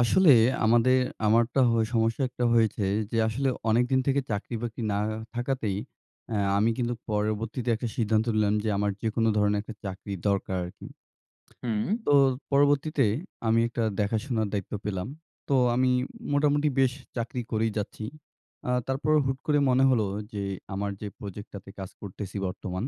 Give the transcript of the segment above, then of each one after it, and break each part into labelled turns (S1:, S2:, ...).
S1: আসলে আমাদের আমারটা হয় সমস্যা একটা হয়েছে, যে আসলে অনেক দিন থেকে চাকরি বাকরি না থাকাতেই অ্যা আমি কিন্তু পরবর্তীতে একটা সিদ্ধান্ত নিলাম যে আমার যেকোনো ধরনের একটা চাকরি দরকার আর কী।
S2: হুম।
S1: তো পরবর্তীতে আমি একটা দেখাশোনার দায়িত্ব পেলাম। তো আমি মোটামুটি বেশ চাকরি করেই যাচ্ছি। আ তারপরে হুট করে মনে হলো যে আমার যে প্রজেক্টটাতে কাজ করতেসি বর্তমান,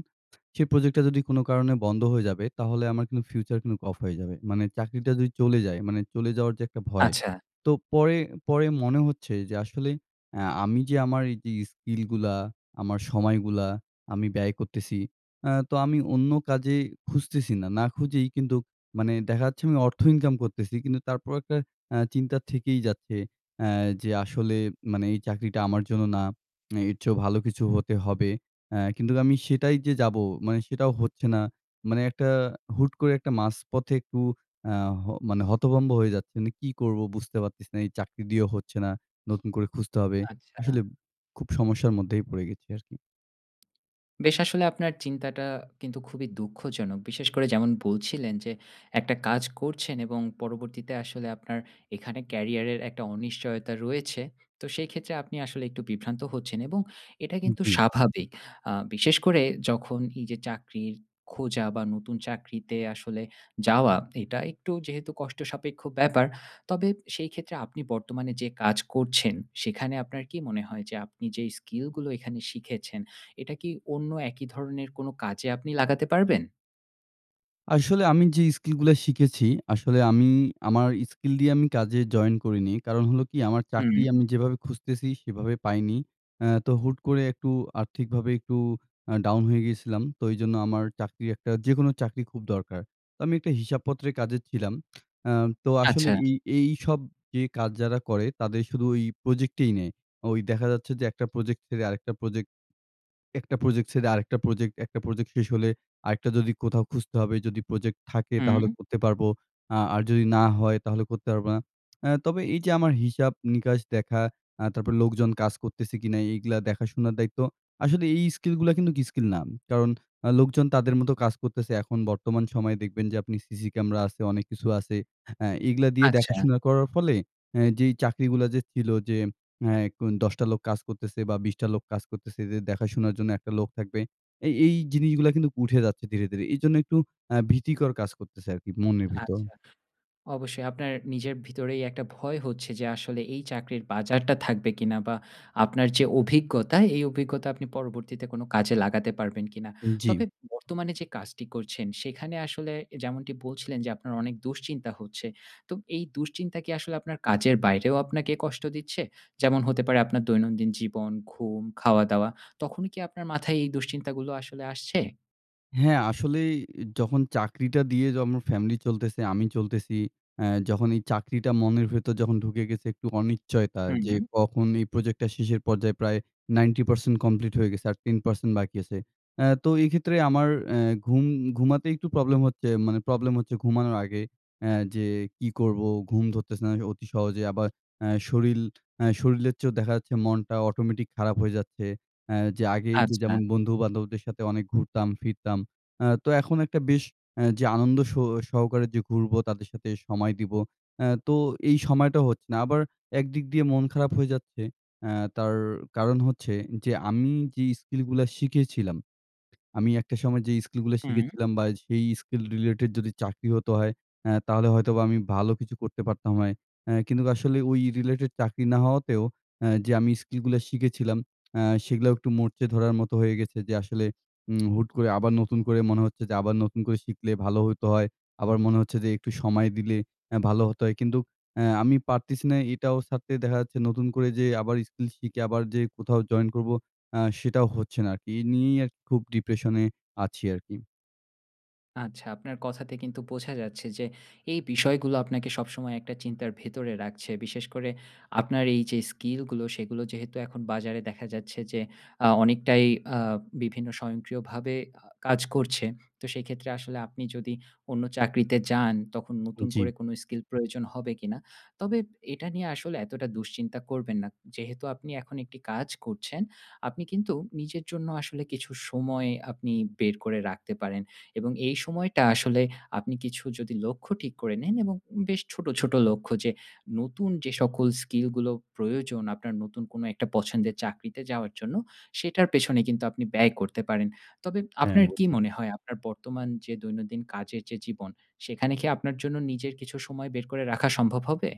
S1: সে প্রজেক্টটা যদি কোনো কারণে বন্ধ হয়ে যাবে, তাহলে আমার কিন্তু ফিউচার কিন্তু অফ হয়ে যাবে। মানে চাকরিটা যদি চলে যায় মানে চলে যাওয়ার যে একটা ভয়।
S2: আচ্ছা।
S1: তো পরে পরে মনে হচ্ছে যে আসলে অ্যা আমি যে আমার যে স্কিলগুলা, আমার সময়গুলা আমি ব্যয় করতেসি অ্যা তো আমি অন্য কাজে খুঁজতেছি না। না খুঁজেই কিন্তুক মানে দেখা যাচ্ছে আমি অর্থ ইনকাম করতেসি কিন্তু তারপরও একটা অ্যা চিন্তা থেকেই যাচ্ছে অ্যা যে আসলে মানে এই চাকরিটা আমার জন্য না, এর চেয়েও ভালো কিছু হতে হবে। অ্যা কিন্তুক আমি সেটাই যে যাব, মানে সেটাও হচ্ছে না। মানে একটা হুট করে একটা মাঝপথে একটু অ্যা হ মানে হতভম্ব হয়ে যাচ্ছি। মানে কী করব? বুঝতে পারতেসি না। এই চাকরি দিয়েও হচ্ছে না। নতুন করে খুঁজতে হবে।
S2: আচ্ছা।
S1: আসলে খুব সমস্যার মধ্যেই পড়ে গেছি আর কী।
S2: বেশ আসলে আপনার চিন্তাটা কিন্তু খুবই দুঃখজনক। বিশেষ করে যেমন বলছিলেন যে একটা কাজ করছেন এবং পরবর্তীতে আসলে আপনার এখানে Career এর একটা অনিশ্চয়তা রয়েছে। তো সেই ক্ষেত্রে আপনি আসলে একটু বিভ্রান্ত হচ্ছেন এবং এটাই কিন্তু
S1: জি।
S2: স্বাভাবিক। আ বিশেষ করে যখন এই যে চাকরির খোঁজা বা নতুন চাকরিতে আসলে যাওয়া, এটা একটু যেহেতু কষ্টসাপেক্ষ ব্যাপার। তবে সেই ক্ষেত্রে আপনি বর্তমানে যে কাজ করছেন, সেখানে আপনার কী মনে হয় যে আপনি যে স্কিলগুলো এখানে শিখেছেন, এটা কি অন্য একই ধরনের কোনো কাজে আপনি লাগাতে পারবেন?
S1: আসলে আমি যে স্কিলগুলা শিখেছি, আসলে আমি আমার স্কিল দিয়ে আমি কাজে জয়েন করিনি। কারণ হলো কী, আমার চাকরি
S2: হুম।
S1: আমি যেভাবে খুঁজতেসি, সেভাবে পাইনি। অ্যা তো হুট করে একটু আর্থিকভাবে একটু আ ডাউন হয়ে গিয়েছিলাম। তো ওই জন্য আমার চাকরি একটা যেকোনো চাকরি খুব দরকার। তো আমি একটা হিসাবপত্রের কাজে ছিলাম। অ্যা তো আসলে
S2: আচ্ছা।
S1: এই এই সব যে কাজ যারা করে, তাদের শুধু ওই প্রজেক্টেই নেয়। ওই দেখা যাচ্ছে যে একটা প্রোজেক্ট ছেড়ে আরেকটা প্রোজেক্ট একটা প্রজেক্ট ছেড়ে আরেকটা প্রজেক্ট। একটা প্রজেক্ট শেষ হলে আরেকটা যদি কোথাও খুঁজতে হবে যদি প্রজেক্ট থাকে, তাহলে
S2: হুম।
S1: করতে পারব। আ আর যদি না হয়, তাহলে করতে পারব না। অ্যা তবে এই যে আমার হিসাব নিকাশ দেখা, অ্যা তারপর লোকজন কাজ করতেছে কিনা, এইগ্লা দেখাশোনার দায়িত্ব। আসলে এই স্কিলগুলা কিন্তুক স্কিল না। কারণ আ লোকজন তাদের মতো কাজ করে করতেসে। এখন বর্তমান সময়ে দেখবেন যে আপনি সিসি ক্যামেরা আছে। অনেক কিছু আছে। অ্যা এইগুলা দিয়ে
S2: আচ্ছা।
S1: দেখাশোনা করার ফলেই, অ্যা যেই চাকরিগুলা যে ছিলো যে অ্যা এখন ১০ টা লোক কাজ করতেসে বা বিশটা লোক কাজ করতেসে যে দেখাশোনার জন্য একটা লোক থাকবে, এই, এই জিনিসগুলা কিন্তুক উঠে যাচ্ছে ধীরে, ধীরে। এই জন্য একটু অ্যা ভীতিকর কাজ করতেসে আর কী মনের ভিতর।
S2: আচ্ছা। অবশ্যই আপনার নিজের ভিতরেই একটা ভয় হচ্ছে যে আসলে এই চাকরির বাজারটা থাকবে কিনা? বা আপনার যে অভিজ্ঞতা, এই অভিজ্ঞতা আপনি পরবর্তীতে কোনো কাজে লাগাতে পারবেন কিনা?
S1: উম জি।
S2: তবে বর্তমানে যে কাজটি করছেন, সেখানে আসলে যেমনটি বলছিলেন যে আপনার অনেক দুশ্চিন্তা হচ্ছে। তো এই দুশ্চিন্তা কি আসলে আপনার কাজের বাইরেও আপনাকে কষ্ট দিচ্ছে? যেমন হতে পারে আপনার দৈনন্দিন জীবন, ঘুম, খাওয়া-দাওয়া, তখনই কি আপনার মাথায় এই দুশ্চিন্তাগুলো আসলে আসছে?
S1: হ্যাঁ, আসলেই এ যখন চাকরিটা দিয়ে যেমন আমার ফ্যামিলি চলতেসে, আমি চলতেসি। অ্যা যখন এই চাকরিটা মনের ভেতর যখন ঢুকে গেছে একটু অনিচ্চয়তা যে
S2: হুম।
S1: কখন এই প্রজেক্টটা শেষের পর্যায়ে প্রায় 90% কমপ্লিট হয়ে গেছে আর 10% বাকি আছে। অ্যা তো এই ক্ষেত্রে আমার অ্যা ঘুম ঘুমাতে একটু প্রবলেম হচ্ছে। মানে প্রবলেম হচ্ছে ঘুমানোর আগে অ্যা যে কী করব? ঘুম ধরতেছে না কে অতি সহজে। আবার অ্যা শরীর, অ্যা শরীরের চেয়েও দেখা যাচ্ছে মনটা অটোমেটিক খারাপ হয়ে যাচ্ছে অ্যা যে আগে এই যে
S2: আচ্ছা।
S1: যেমন বন্ধু বান্ধবদের সাথে অনেক ঘুরতাম ফিরতাম। অ্যা তো এখন একটা বেশ অ্যা যে আনন্দ সু সহকারে যে ঘুরব, তাদের সাথে সময় দিব, অ্যা তো এই সময়টা হচ্ছে না। আবার একদিক দিয়ে মন খারাপ হয়ে যাচ্ছে অ্যা তার কারণ হচ্ছে যে আমি যেই স্কিলগুলা শিখেছিলাম, আমি একটা সময়ে যেই স্কিলগুলা
S2: উম
S1: শিখেছিলাম বা সেই স্কিল রিলেটেড যদি চাকরি হতো হয়, অ্যা তাহলে হয়তোবা আমি ভালো কিছু করতে পারতাম হয়। অ্যা কিন্তুক আসলে ওই রিলেটেড চাকরি না হওয়াতেও অ্যা যে আমি স্কিলগুলা শিখেছিলাম, অ্যা সেগুলাও একটু মরচে ধরার মতো হয়ে গেছে যে আসলে উম হুট করে আবার নতুন করে মনে হচ্ছে যে আবার নতুন করে শিখলে ভালো হইতো হয়। আবার মনে হচ্ছে যে একটু সময় দিলে অ্যা ভালো হতো হয়। কিন্তু অ্যা আমি পারতেসি না এটাও ছাড়তে। দেখা যাচ্ছে নতুন করে যে আবার স্কিল শিখে আবার যে কোথাও জয়েন করব, অ্যা সেটাও হচ্ছে না আর কী। এই নিয়েই আর কী খুব ডিপ্রেশনে, আছি আর কী।
S2: আচ্ছা। আপনার কথাতে কিন্তু বোঝা যাচ্ছে যে এই বিষয়গুলো আপনাকে সবসময় একটা চিন্তার ভেতরে রাখছে। বিশেষ করে আপনার এই যে স্কিলগুলো, সেগুলো যেহেতু এখন বাজারে দেখা যাচ্ছে যে আ অনেকটাই আ বিভিন্ন স্বয়ংক্রিয়ভাবে আ কাজ করছে, তো সেই ক্ষেত্রে আসলে আপনি যদি অন্য চাকরিতে যান, তখন নতুন করে
S1: জি।
S2: কোনো স্কিল প্রয়োজন হবে কিনা? তবে এটা নিয়ে আসলে এতটা দুশ্চিন্তা করবেন না। যেহেতু আপনি এখন একটি কাজ করছেন, আপনি কিন্তু নিজের জন্য আসলে কিছু সময় আপনি বের করে রাখতে পারেন। এবং এই সময়টা আসলে আপনি কিছু যদি লক্ষ্য ঠিক করে নেন এবং বেশ ছোটো, ছোটো লক্ষ্য যে নতুন যে সকল স্কিলগুলো প্রয়োজন আপনার নতুন কোনো একটা পছন্দের চাকরিতে যাওয়ার জন্য, সেটার পেছনে কিন্তু আপনি ব্যয় করতে পারেন। তবে
S1: হ্যাঁ,
S2: আপনার কী
S1: অবশ্যই।
S2: মনে হয়? আপনার বর্তমান যে দৈনন্দিন কাজের যে জীবন, সেখানে কি আপনার জন্য নিজের কিছু সময় বের করে রাখা সম্ভব হবে?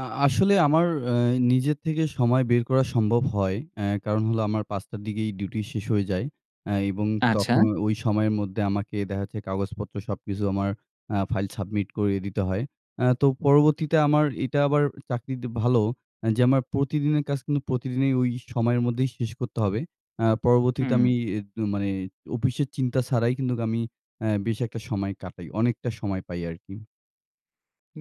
S1: আ আসলে আমার অ্যা নিজের থেকে সময় বের করা সম্ভব হয়। অ্যা কারণ হলো আমার ৫ টার দিকেই ডিউটি শেষ হয়ে যায় অ্যা এবং
S2: আচ্ছা।
S1: তখন ওই সময়ের মধ্যে আমাকে দেখা যচ্ছে কাগজপত্র সবকিছু আমার আ ফাইল সাবমিট করিয়ে দিতে হয়। অ্যা তো পরবর্তীতে আমার এটা আবার চাকরিতে ভালো অ্যা যে আমার প্রতিদিনের কাজ কিন্তু প্রতিদিনই ওই সময়ের মধ্যেই শেষ করতে হবে। অ্যা পরবর্তীতে
S2: হুম।
S1: আমি ইয়ে ত মানে অফিসের চিন্তা ছাড়াই কিন্তুক আমি অ্যা বেশ একটা সময় কাটাই। অনেকটা সময় পাই আর কী।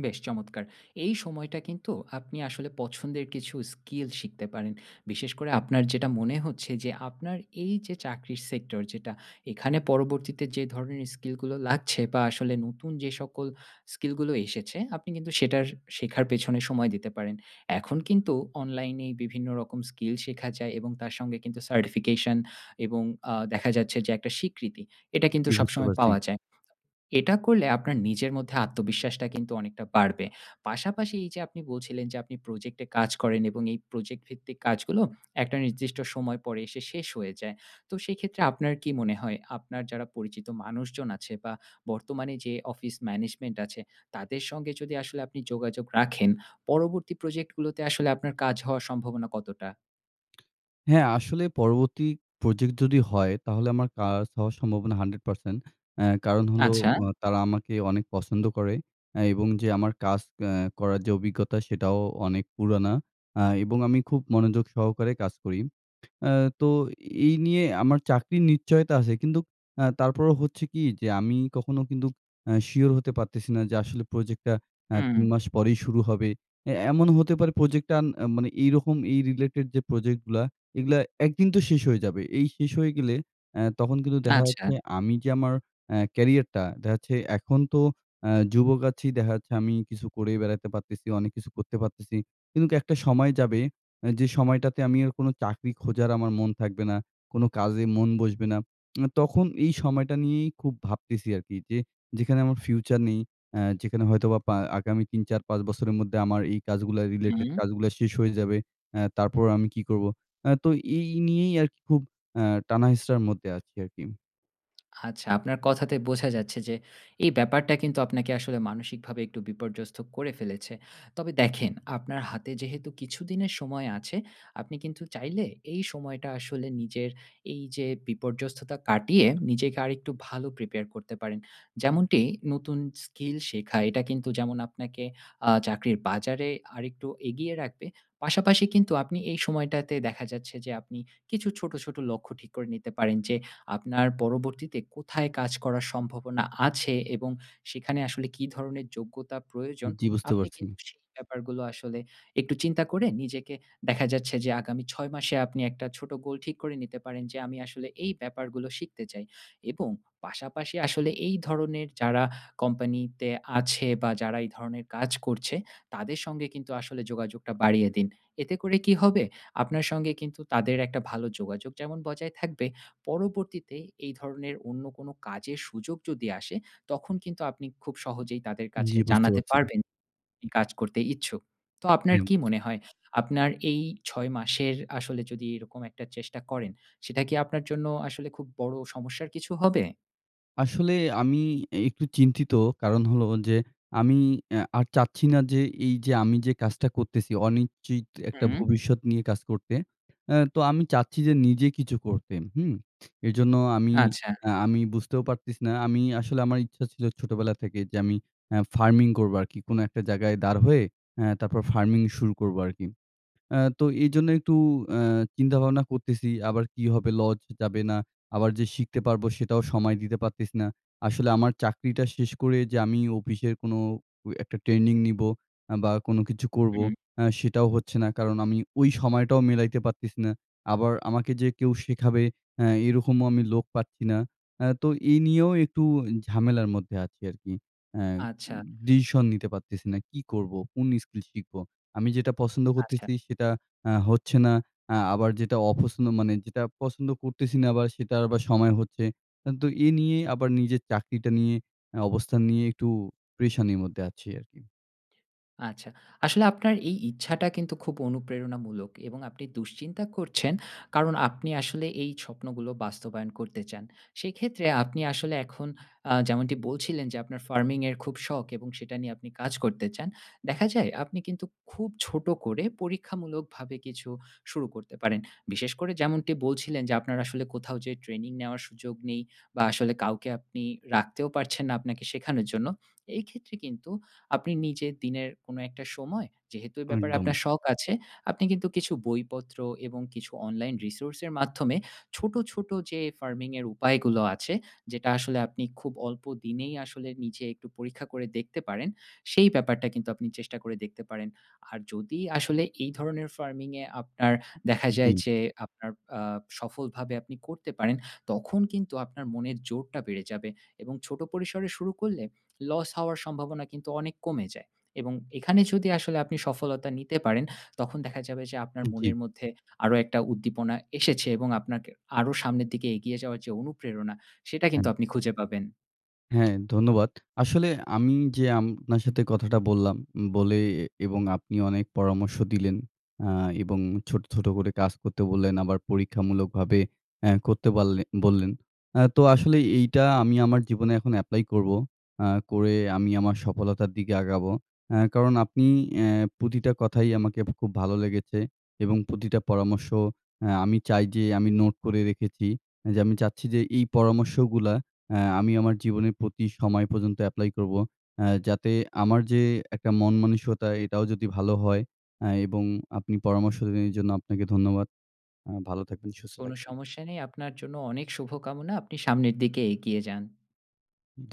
S2: বেশ চমৎকার। এই সময়টা কিন্তু আপনি আসলে পছন্দের কিছু স্কিল শিখতে পারেন। বিশেষ করে আপনার যেটা মনে হচ্ছে যে আপনার এই যে চাকরির Sector যেটা, এখানে পরবর্তীতে যে ধরণের স্কিলগুলো লাগছে বা আসলে নতুন যে সকল স্কিলগুলো এসেছে, আপনি কিন্তু সেটার শেখার পেছনে সময় দিতে পারেন। এখন কিন্তু অনলাইনেই বিভিন্ন রকম স্কিল শেখা যায় এবং তার সঙ্গে কিন্তু certification এবং আ দেখা যাচ্ছে যে একটা স্বীকৃতি, এটা কিন্তু
S1: জি, বুঝতে
S2: সবসময়
S1: পারছি।
S2: পাওয়া যায়। এটা করলে আপনার নিজের মধ্যে আত্মবিশ্বাসটা কিন্তু অনেকটা বাড়বে। পাশাপাশি এই যে আপনি বলছিলেন যে আপনি Project এ কাজ করেন এবং এই Project ভিত্তিক কাজগুলো একটা নির্দিষ্ট সময় পরে এসে শেষ হয়ে যায়। তো সেই ক্ষেত্রে আপনার কী মনে হয়, আপনার যারা পরিচিত মানুষজন আছে বা বর্তমানে যে Office Management আছে, তাদের সঙ্গে যদি আসলে আপনি যোগাযোগ রাখেন, পরবর্তী Project গুলোতে আসলে আপনার কাজ হওয়ার সম্ভাবনা কতটা?
S1: হ্যাঁ, আসলে পরবর্তী প্রজেক্ট যদি হয়, তাহলে আমার কাজ হওয়ার সম্ভাবনা 100%। অ্যা কারণ হলো
S2: আচ্ছা।
S1: অ তারা আমাকে অনেক পছন্দ করে অ্যা এবং যে আমার কাজ অ্যা করার যে অভিজ্ঞতা, সেটাও অনেক পুরানা। আ এবং আমি খুব মনোযোগ সহকারে কাজ করি। অ্যা তো এই নিয়ে আমার চাকরির নিশ্চয়তা আছে কিন্তুক আ তারপরেও হচ্ছে কী, যে আমি কখনো কিন্তু অ্যা শিওর হতে পারতেসি না যে আসলে প্রোজেক্টটা অ্যা ৩
S2: হুম।
S1: মাস পরেই শুরু হবে। অ্যা এমনও হতে পারে প্রোজেক্টটা আর মানে এইরকম এই রিলেটেড যে প্রজেক্টগুলা, এগুলা একদিন তো শেষ হয়ে যাবে। এই শেষ হয়ে গেলে, অ্যা তখন কিন্তু দেখা
S2: আচ্ছা।
S1: যাচ্ছে আমি যে আমার অ্যা ক্যারিয়ারটা, দেখা যাচ্ছে এখন তো অ্যা যুবক আছি, দেখা যাচ্ছে আমি কিছু করে বেড়াইতে পারতেসি। অনেক কিছু করতে পারতেসি। কিন্তুক কী একটা সময় যাবে, যে সময়টাতে আমি আর কোনো চাকরি খোঁজার আমার মন থাকবে না, কোনো কাজেই মন বসবে না। তখন এই সময়টা নিয়েই খুব ভাবতেসি আর কী যে যেখানে আমার ফিউচার নেই, অ্যা যেখানে হয়তোবা পা আগামী ৩, ৪, ৫ বছরের মধ্যে আমার এই কাজগুলা রিলেটেড
S2: হুম।
S1: কাজগুলা শেষ হয়ে যাবে। অ্যা তারপর আমি কী করব? অ্যা তো এই নিয়েই আর কী খুব আ টানা-হেঁচড়ার মধ্যে আছি আর কী।
S2: আচ্ছা। আপনার কথাতে বোঝা যাচ্ছে যে এই ব্যাপারটা কিন্তু আপনাকে আসলে মানসিকভাবে একটু বিপর্যস্ত করে ফেলেছে। তবে দেখেন, আপনার হাতে যেহেতু কিছুদিনের সময় আছে, আপনি কিন্তু চাইলে এই সময়টা আসলে নিজের এই যে বিপর্যস্ততা কাটিয়ে নিজেকে আরেকটু ভালো Prepare করতে পারেন। যেমনটি নতুন স্কিল শেখা। এটা কিন্তু যেমন আপনাকে আ চাকরির বাজারে আরেকটু এগিয়ে রাখবে পাশাপাশি কিন্তু আপনি এই সময়টাতে দেখা যাচ্ছে যে আপনি কিছু ছোট, ছোট লক্ষ্য ঠিক করে নিতে পারেন যে আপনার পরবর্তীতে কোথায় কাজ করার সম্ভাবনা আছে এবং সেখানে আসলে কী ধরনের যোগ্যতা প্রয়োজন,
S1: জি বুঝতে
S2: আপনি
S1: পারছি।
S2: কিন্তু সেই ব্যাপারগুলো আসলে একটু চিন্তা করে নিজেকে দেখা যাচ্ছে যে আগামী 6 মাসে আপনি একটা ছোট গোল ঠিক করে নিতে পারেন, যে আমি আসলে এই ব্যাপারগুলো শিখতে চাই। এবং পাশাপাশি আসলে এই ধরনের যারা কোম্পানিতে আছে বা যারা এই ধরনের কাজ করছে, তাদের সঙ্গে কিন্তু আসলে যোগাযোগটা বাড়িয়ে দিন। এতে করে কী হবে? আপনার সঙ্গে কিন্তু তাদের একটা ভালো যোগাযোগ যেমন বজায় থাকবে, পরবর্তীতে এই ধরনের অন্য কোনো কাজের সুযোগ যদি আসে, তখন কিন্তু আপনি খুব সহজেই তাদের কাছে
S1: জি বুঝতে
S2: জানাতে
S1: পারছি।
S2: পারবেন আপনি কাজ করতে ইচ্ছুক। তো আপনার
S1: হ্যাঁ
S2: কী
S1: বুছ
S2: মনে হয়? আপনার এই ৬ মাসের আসলে যদি এরকম একটা চেষ্টা করেন, সেটা কি আপনার জন্য আসলে খুব বড় সমস্যার কিছু হবে?
S1: আসলে আমি একটু চিন্তিত কারণ হলো যে আমি অ্যা আর চাচ্ছি না যে এই যে আমি যে কাজটা করতেসি, অনিশ্চিত একটা
S2: হুম।
S1: ভবিষ্যৎ নিয়ে কাজ করতে। অ্যা তো আমি চাচ্ছি যে নিজে কিছু করতে। হুম? এইজন্য আমি
S2: আচ্ছা।
S1: অ্যা আমি বুঝতেও পারতেছি না। আমি আসলে আমার ইচ্ছা ছিল ছোটোবেলা থেকে যে আমি অ্যা ফার্মিং করব আর কী। কোনো একটা জায়গায় দাঁড় হয়ে, অ্যা তারপর ফার্মিং শুরু করব আর কী। অ্যা তো এইজন্য একটু অ্যা চিন্তা ভাবনা করতেসি আবার কী হবে, লস যাবে না, আবার যে শিখতে পারব, সেটাও সময় দিতে পারতেসি না। আসলে আমার চাকরিটা শেষ করে যে আমি অফিসের কোনো অ একটা ট্রেনিং নিব অ্যা বা কোনো কিছু করব,
S2: হুম।
S1: অ্যা সেটাও হচ্ছে না। কারণ আমি ওই সময়টাও মিলাইতে পারতেসি না। আবার আমাকে যে কেউ শেখাবে, হ্যাঁ, এই রকমও আমি লোক পাচ্ছি না। অ্যা তো এই নিয়েও একটু ঝামেলার মধ্যে আছি আর কী। অ্যা
S2: আচ্ছা।
S1: ডিসিশন নিতে পারতেসি না। কী করব? কোন স্কিল শিখব? আমি যেটা পছন্দ
S2: আচ্ছা।
S1: করতেসি, সেটা অ্যা হচ্ছে না। অ্যা আবার যেটা অপছন্দ মানে যেটা পছন্দ করতেসি না বা সেটা আবার সময় হচ্ছে। হ্যাঁ তো এই নিয়ে আবার নিজের চাকরিটা নিয়ে, অ অবস্থান নিয়ে একটু পেরেশানির মধ্যে আছি আর কী।
S2: আচ্ছা। আসলে আপনার এই ইচ্ছাটা কিন্তু খুব অনুপ্রেরণামূলক এবং আপনি দুশ্চিন্তা করছেন কারণ আপনি আসলে এই স্বপ্নগুলো বাস্তবায়ন করতে চান। সেই ক্ষেত্রে আপনি আসলে এখন আ যেমনটি বলছিলেন যে আপনার Farming এর খুব শখ এবং সেটা নিয়ে আপনি কাজ করতে চান। দেখা যায় আপনি কিন্তু খুব ছোট করে পরীক্ষামূলকভাবে কিছু শুরু করতে পারেন। বিশেষ করে যেমনটি বলছিলেন যে আপনার আসলে কোথাও যে ট্রেনিং নেওয়ার সুযোগ নেই বা আসলে কাউকে আপনি রাখতেও পারছেন না আপনাকে শেখানোর জন্য। এই ক্ষেত্রে কিন্তু আপনি নিজে দিনের কোনো একটা সময়, যেহেতু এ ব্যাপারে
S1: একদম।
S2: আপনার শখ আছে, আপনি কিন্তু কিছু বইপত্র এবং কিছু অনলাইন Resource এর মাধ্যমে ছোট, ছোট যে ফার্মিং এর উপায়গুলো আছে, যেটা আসলে আপনি খুব অল্প দিনেই আসলে নিজে একটু পরীক্ষা করে দেখতে পারেন, সেই ব্যাপারটা কিন্তু আপনি চেষ্টা করে দেখতে পারেন। আর যদি আসলে এই ধরনের ফার্মিং এ আপনার দেখা যায়
S1: জি।
S2: যে আপনার আ সফলভাবে আপনি করতে পারেন, তখন কিন্তু আপনার মনের জোরটা বেড়ে যাবে এবং ছোট পরিসরে শুরু করলে, লস হওয়ার সম্ভাবনা কিন্তু অনেক কমে যায়। এবং এখানে যদি আসলে আপনি সফলতা নিতে পারেন, তখন দেখা যাবে যে আপনার মনের
S1: জি।
S2: মধ্যে আরো একটা উদ্দীপনা এসেছে এবং আপনাকে আরো সামনের দিকে এগিয়ে যাওয়ার যে অনুপ্রেরণা, সেটা
S1: হ্যাঁ।
S2: কিন্তু আপনি খুঁজে পাবেন।
S1: হ্যাঁ, ধন্যবাদ। আসলে আমি যে আপনার সাথে কথাটা বললাম, বলে এবং আপনি অনেক পরামর্শ দিলেন। আ এবং ছোট, ছোট করে কাজ করতে বললেন আবার পরীক্ষামূলকভাবে অ্যা করতে বাললে বললেন। অ্যা তো আসলেই এইটা আমি আমার জীবনে এখন এপ্লাই করব। অ্যা করে আমি আমার সফলতার দিকে আগাবো। অ্যা কারণ আপনি অ্যা প্রতিটা কথাই আমাকে খুব ভালো লেগেছে এবং প্রতিটা পরামর্শ অ্যা আমি চাই যে আমি নোট করে রেখেছি, যে আমি চাচ্ছি যে এই পরামর্শগুলা অ্যা আমি আমার জীবনের প্রতি সময়ে পর্যন্ত অ্যাপ্লাই করব। অ্যা যাতে আমার যে একটা মানসিকতা, এটাও যদি ভালো হয় অ্যা এবং আপনি পরামর্শ দিলেন, এজন্য আপনাকে ধন্যবাদ। আ ভালো থাকবেন, সুস্থ
S2: কোনো
S1: থাকবেন।
S2: সমস্যা নেই। আপনার জন্য অনেক শুভকামনা। আপনি সামনের দিকে এগিয়ে যান।
S1: ধু